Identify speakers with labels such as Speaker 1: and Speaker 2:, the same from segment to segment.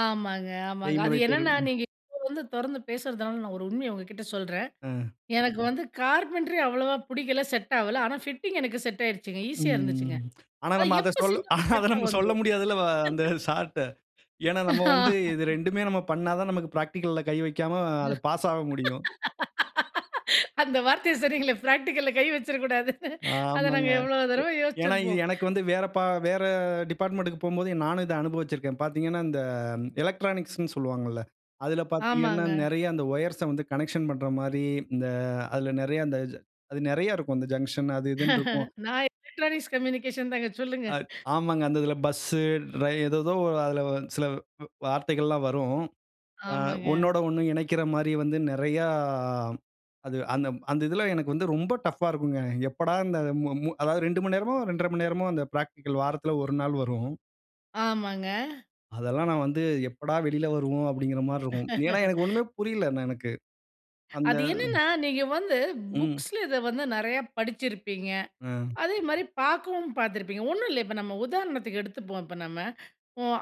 Speaker 1: ஆமாங்க ஆமாங்க. அது
Speaker 2: செய்முறை தேர்வு.
Speaker 1: என்னென்னா
Speaker 2: ம்.
Speaker 1: நீங்க இப்ப வந்து தொறந்து பேசுறதுனால நான் ஒரு உண்மைய உங்ககிட்ட சொல்றேன்.
Speaker 2: ம்.
Speaker 1: எனக்கு வந்து கார்ப்பென்ட்ரி அவ்வளோவா பிடிக்கல. செட் ஆவல. ஆனா ஃபிட்டிங் எனக்கு செட் ஆய்டுச்சுங்க. ஈஸியா இருந்துச்சுங்க.
Speaker 2: ம். ஆனா
Speaker 1: அது
Speaker 2: நம்ம அத
Speaker 1: எப்போ
Speaker 2: சொல்
Speaker 1: செஞ்சாலும்
Speaker 2: அத
Speaker 1: கரெக்ட்டா
Speaker 2: நம்ம சொல்ல
Speaker 1: வந்துடும்.
Speaker 2: முடியாது அல்லவா அந்த சார்ட்ட. ஏன்னா நம்ம வந்து இது 2 நம்ம பண்ணா தான் நமக்கு பிரா்டிகல்ல கை வைக்காம அது பாஸ் ஆக முடியும்.
Speaker 1: அந்த வார்த்தையை சொன்னீங்களே, பிராக்டிகல்ல கை வச்சுடக்கூடாதுனு அத
Speaker 2: ஆமாங்க.
Speaker 1: நாங்க எவ்வளோ
Speaker 2: எ
Speaker 1: தடவ
Speaker 2: ஏன்னா இது
Speaker 1: யோசிச்சிருப்போம்.
Speaker 2: எனக்கு வந்து வேற ப வேற டிபார்ட்மென்ட்க்கு போம்போது நானும் இத அனுபவிச்சிருக்கேன். பாத்தீங்கனா இந்த எலக்ட்ரானிக்ஸ்னு சொல்வாங்கல்ல. அதில பார்த்தீங்கனா
Speaker 1: ஆமாங்க.
Speaker 2: நிறைய அந்த ஒயர்ஸ வந்து கனெக்ஷன் பண்ணுகிற மாரி இந்த அதில நிறைய அந்த அது நிறைய இருக்கும். அந்த ஜங்ஷன் அது இதுனு இருக்கும்.
Speaker 1: நான் எலக்ட்ரானிக்ஸ் கம்யூனிகேஷன் தாங்க சொல்லுங்க.
Speaker 2: அ ஆமாங்க அந்த இதில பஸ் ரயி ஏதேதோ அதில சில வ் வார்த்தைகள் எல்லாம் வரும். ஆ
Speaker 1: ஆமாங்க.
Speaker 2: ஒண்ணோடு ஒண்ணு இணைக்கிற மாரி வந்து நெறைய அது அந்த அந்த இதில எனக்கு வந்து ரொம்ப டஃப்அ இருக்கும்ங்க. எப்படா இந்த அதாது 2 மணி நேரமோ, 2 1/2 மணி நேரமோ அந்த பிரா்டிகல். வாரத்தில 1 நாள் வரும்.
Speaker 1: ஆமாங்க.
Speaker 2: அதெல்லாம் நான் வந்து எப்படா வெளியில வருவோம் அப்டி என்கிற மாரி இருக்கும். ஏன்னா எனக்கு ஒண்ணுமே புரியல்ல எனக்கு. அந்த
Speaker 1: அது என்னன்னா நீங்க வந்து
Speaker 2: ம்.
Speaker 1: புக்ஸ்ல இத வந்து நிறையா படிச்சிருப்பீங்க.
Speaker 2: ம்.
Speaker 1: அதேமாரி பார்க்கவும் பார்த்துருப்பிங்க. ஒண்ணும் இல்ல இப்ப நம்ம உதாரணத்துக்கு எடுத்துப்போம் இப்ப நம்ம.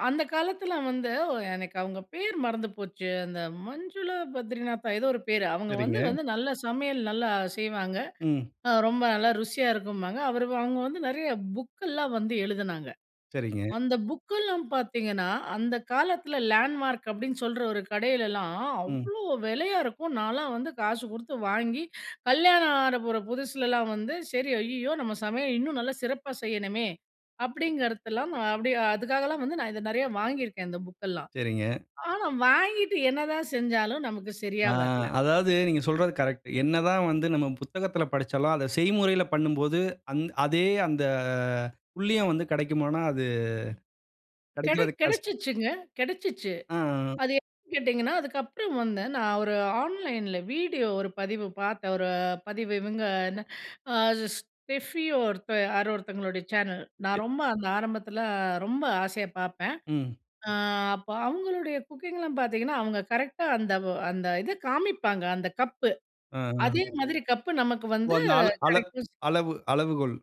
Speaker 1: அந்த காலத்தில வந்து எனக்கு அவங்க பேர் மறந்து போச்சு அந்த மஞ்சுளா பத்ரிநாத்தா ஏதோ ஒரு பேர் அவங்க வந்து
Speaker 2: சரிங்க.
Speaker 1: வந்து நல்லா சமையல நல்லா செய்வாங்க.
Speaker 2: ம்.
Speaker 1: ரொம்ப நல்லா ருசியா இருக்கும்பாங்க. அவர் அவங்க வந்து நிறைய புக்கெல்லாம் வந்து எழுதினாங்க.
Speaker 2: சரிங்க.
Speaker 1: அந்த புக்கெல்லாம் பார்த்தீங்கன்னா அந்த காலத்தில லேண்ட்மார்க் அப்டின்னு சொல்ற ஒரு கடையிலலாம்
Speaker 2: ம்.
Speaker 1: அவ்வளோ வேலயா இருக்கும். நான்லாம் வந்து காசு குடுத்து வாங்கி கல்யாணம் ஆக போற புதுசுலலாம் வந்து, சரி "ஐயயோ! நம்ம சமையல இன்னும் நல்லா சிறப்பா செய்யணுமே!" அப்டிங்கிறதலாம் அப்டி அதுக்காலாம் வந்து நான் இத நிறையா வாங்கியிருக்கேன் இந்த புக்கெல்லாம்.
Speaker 2: சரிங்க.
Speaker 1: ஆனா, வாங்கிட்டு என்னதான் செஞ்சாலும் நமக்கு
Speaker 2: ஆ
Speaker 1: சரியா வர்ல.
Speaker 2: அதாது நீங்க சொல்றது கரெக்ட் என்ன தான் வந்து நம்ம புத்தகத்தில படிச்சாலும் அந் அத செய்முறையில பண்ணும்போது அதே அந்த புள்ளியும் வந்து கிடைக்குமோ னா அது,
Speaker 1: கிடை
Speaker 2: கிடைக்கிறது கஷ்டம்
Speaker 1: கிடைச்சுச்சுங்க கிடைச்சிச்சு.
Speaker 2: அ.
Speaker 1: அது எப்டின்னு கேட்டிங்கன்னா அதுக்கப்புறம் வந்து நான் ஒரு ஆன்லைன்ல வீடியோ ஒரு பதிவு பாத்தேன். ஒரு பதிவு இவங்க என்ன அ Steffi ஒருத் யார ஒருத்தவங்களுடைய சேனல் நான்
Speaker 2: [unintelligible]
Speaker 1: ரொம்ப அந்த ஆரம்பத்தில ரொம்ப ஆசையா பார்ப்பேன்.
Speaker 2: ம்.
Speaker 1: அ அப்போ அவங்களுடைய குக்கிங்லாம் பார்த்தீங்கன்னா அவங்க கரெக்ட்டா அந்த அந்த இத காமிப்பாங்க. அந்த கப்பு
Speaker 2: அஹம்.
Speaker 1: அதே மாதிரி கப்பு நமக்கு
Speaker 2: ஓ
Speaker 1: வந்து
Speaker 2: அந்த அள அள
Speaker 1: கிடைக்கும்.
Speaker 2: அளவு அளவுகோல்.